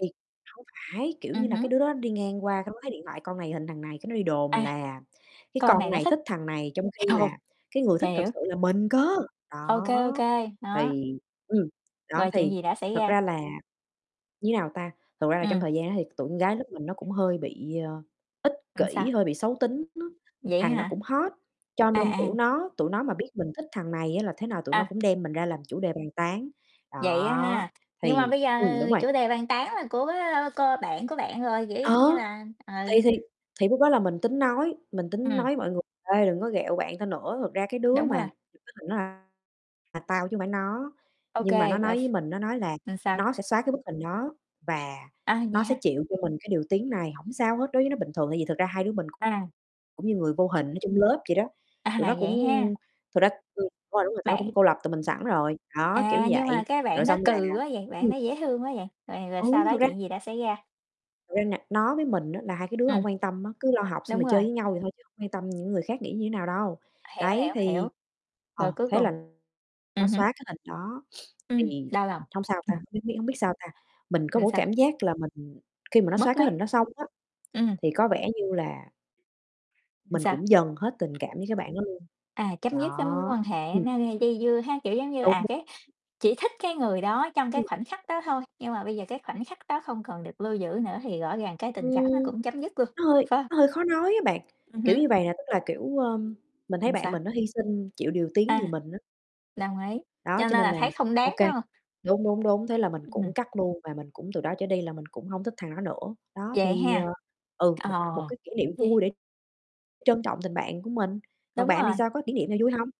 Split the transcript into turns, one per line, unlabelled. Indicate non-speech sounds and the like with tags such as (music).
Thì hông phải, kiểu như
Ừm
là,
hứm.
cái đứa đó đi ngang qua cái nó thấy điện thoại con này hình thằng này cái nó đi đồn
À,
là cái
con này
con
nó
này
thích,
thích thằng này, trong khi
ồ,
là cái người thích thật
hiểu.
sự là mình cơ!
Ô kê, ô
Đó,
kê, đó.
thì ừm, đó,
Rồi chuyện
thì
gì đã xảy
thật
ra?
ra là, như nào ta, thật ra là trong
Ừm.
thời gian đó thì t tụi con gái lớp mình nó cũng hơi bị, ờ, ích
Ừm, sao?
kỉ, hơi bị xấu tính nó,
Vậy á
thằng đó
hả?
cũng hot, cho
À,
nên, kiểu,
à.
nó tụi nó mà biết mình thích thằng này á là thế nào tụi nó
À.
cũng đem mình ra làm chủ đề bàn tán,
Vậy á ha,
đó.
nhưng mà
Thì
bây giờ
ừm, đúng rồi.
chủ đề bàn tán là của, ơ, cô bạn của bạn rồi, kiểu
Ờ!
giống như là ừ.
Thì thì thì lúc đó là mình tính nói mình tính nói
Ừm.
với mọi người: "Ê, đừng có ghẹo bạn tao nữa, thật ra cái đứa
Đúng rồi.
mà thật ra là tao chứ hông phải nó."
Ô
Nhưng mà nó
kê, rồi
nói
s
với mình, nó nói là
là sao?
nó sẽ xóa cái bức hình đó và
À, vậy
nó sẽ
hả?
chịu cho mình cái điều tiếng này, hổng sao hết, đối với nó bình thường tại vì thật ra hai đứa mình
À.
cũng như người vô hình ở trong lớp vậy đó.
À,
Tụi nó
vậy ha!
cũng thực ra ừm, đúng rồi, tụi nó
Bạn
cũng cô lập tụi mình sẵn rồi. Đó, kiểu
À, nhưng mà
vậy,
cái
rồi
bạn đó
xong là
cừ quá vậy, bạn
ừm.
đó dễ thương quá vậy, rồi rồi
Ừ,
sau đó
thực ra
chuyện gì đã xảy ra?
Ra nà nó với mình á là hai cái đứa
Ừm.
hổng quan tâm á, cứ lo học xong
Đúng
rồi chơi
rồi.
với nhau vậy thôi chứ không quan tâm những người khác nghĩ như thế nào đâu.
Hiểu,
Đấy
hiểu, hiểu,
thì
rồi
ờ,
cuối
thế
cùng
là nó
ừm hứm.
xóa cái hình đó, (sniffs)
Ừm,
thì
đau lòng.
hông sao
Ừm.
ta, biết biết hông biết sao ta, mình có
Rồi
một
sao?
cái cảm giác là mình khi mà nó xóa
Mất
cái
mát.
hình đó xong á,
Ừm.
thì có vẻ như là
Làm
mình
sao?
cũng dần hết tình cảm với cái bạn đó luôn,
À, chấm dứt cái mối
đó,
quan hệ
ừm.
nó gây dây dưa ha, kiểu giống như,
Đúng
à,
(unintelligible)
cái chỉ thích cái người đó trong cái
Ừm.
khoảnh khắc đó thôi, nhưng mà bây giờ cái khoảnh khắc đó không còn được lưu giữ nữa thì rõ ràng cái tình cảm nó
Ừm,
cũng chấm dứt luôn,
nó hơi
phải hông?
nó hơi khó nói á bạn,
Ừm
kiểu
hứm.
như vầy nè, tức là, kiểu, ơ, mình thấy
Ừm,
bạn
sao?
mình nó hy sinh, chịu điều tiếng
À.
vì mình á.
Đồng ý,
Đó,
cho
cho
nên
nên
là
là,
thấy không
ô
đáng,
kê
phải hông?
đúng, đúng, đúng, thế là mình
Ừm.
cũng cắt luôn và mình cũng từ đó trở đi là mình cũng hông thích thằng đó nữa. Đó,
Vậy
thì,
ha,
ờ ừ,
ờ,
một một cái kỷ niệm
vậy
vui để trân trọng tình bạn của mình, còn
Đúng
bạn thì
rồi.
sao, có kỷ niệm nào vui hông?